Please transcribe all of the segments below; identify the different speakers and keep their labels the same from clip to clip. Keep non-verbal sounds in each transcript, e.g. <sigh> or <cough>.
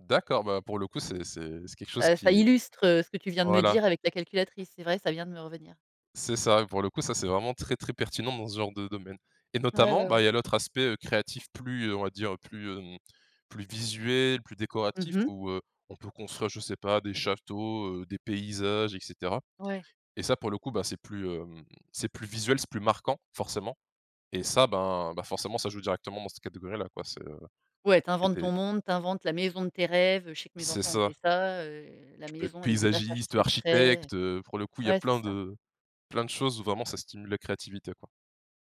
Speaker 1: D'accord, bah, pour le coup, c'est c'est c'est quelque chose
Speaker 2: Ça ça
Speaker 1: qui
Speaker 2: illustre ce que tu viens de me
Speaker 1: voilà.
Speaker 2: dire, avec la calculatrice, c'est vrai, ça vient de me revenir.
Speaker 1: C'est ça, et pour le coup, ça, c'est, vraiment très très pertinent dans ce genre de domaine. Et
Speaker 2: Ouais,
Speaker 1: notamment,
Speaker 2: ouais,
Speaker 1: bah, il
Speaker 2: ouais.
Speaker 1: y a l'autre aspect, heu, créatif plus, heu, on va dire plus, hem, plus visuel, plus
Speaker 2: Mmh
Speaker 1: décoratif
Speaker 2: mh.
Speaker 1: où, heu, on peut construire, je sais pas, des châteaux, heu, des paysages, et cetera.
Speaker 2: Ouais.
Speaker 1: Et ça, pour le coup, bah, c'est plus, hem, c'est plus visuel, c'est plus marquant, forcément. Et ça, ben ben, forcément, ça joue directement dans cette catégorie-là, quoi. C'est heu
Speaker 2: Ouais, tu
Speaker 1: et
Speaker 2: inventes
Speaker 1: tu es
Speaker 2: ton monde, tu inventes la maison de tes rêves. Je sais que mes
Speaker 1: C'est
Speaker 2: enfants ont fait
Speaker 1: ça.
Speaker 2: ça, heu, la
Speaker 1: Tu peux être
Speaker 2: maison avec des passages
Speaker 1: paysagiste, heu,
Speaker 2: secrets
Speaker 1: architecte, heu, pour le coup il y a
Speaker 2: Ouais, c'est
Speaker 1: plein
Speaker 2: ça.
Speaker 1: de plein de choses où, vraiment, ça stimule la créativité, quoi.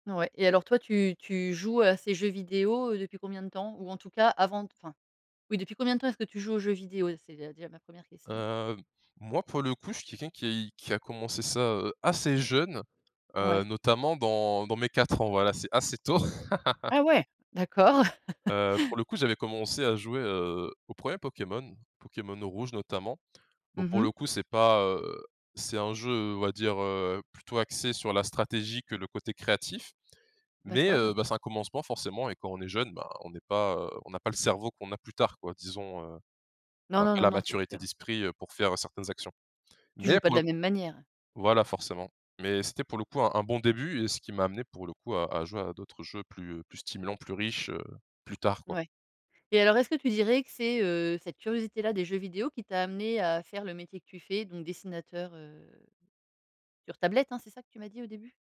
Speaker 2: Ouais. Et alors toi, tu tu joues à ces jeux vidéos, heu, depuis combien de temps? Ou, en tout cas, avant d enfin, oui, depuis combien de temps est-ce que tu joues aux jeux vidéos? C'est déjà déjà ma 1re question.
Speaker 1: Heu, moi, pour le coup, je suis quelqu'un qui es qui a commencé ça, heu, assez jeune heu,
Speaker 2: Ouais.
Speaker 1: notamment dans dans mes 4 ans. Voilà, c'est assez tôt. <laughs>
Speaker 2: Ah ouais? D'accord!
Speaker 1: Heu,
Speaker 2: <laughs>
Speaker 1: pour le coup, j'avais commencé à jouer, heu, aux 1ers Pokémon, Pokémon rouge notamment. Bon,
Speaker 2: Mmh
Speaker 1: pour
Speaker 2: mh.
Speaker 1: le coup, c'est pas heu c'est un jeu, on va dire, heu, plutôt axé sur la stratégie que le côté créatif, mais,
Speaker 2: D'accord.
Speaker 1: heu, ben, c'est un commencement, forcément, et quand on est jeune, ben, on n'est pas heu, on n'a pas le cerveau qu'on a plus tard, quoi. Disons, heu, on
Speaker 2: Non,
Speaker 1: a
Speaker 2: non,
Speaker 1: pas
Speaker 2: non,
Speaker 1: la
Speaker 2: non, c'est
Speaker 1: maturité
Speaker 2: sûr, hein.
Speaker 1: d'esprit, heu, pour faire certaines actions.
Speaker 2: Tu
Speaker 1: Mais,
Speaker 2: joues pas
Speaker 1: pour
Speaker 2: de
Speaker 1: le
Speaker 2: la
Speaker 1: coup
Speaker 2: même manière?
Speaker 1: voilà, forcément. Mais c'était, pour le coup, un un bon début et ce qui m'a amené, pour le coup, à à jouer à d'autres jeux plus, heu, plus stimulants, plus riches, heu, plus tard, quoi.
Speaker 2: Ouais. Et alors, est-ce que tu dirais que c'est, heu, cette curiosité-là des jeux vidéo qui t'a amené à faire le métier que tu fais, donc dessinateur, heu, sur tablette, hein, c'est ça que tu m'as dit, au début?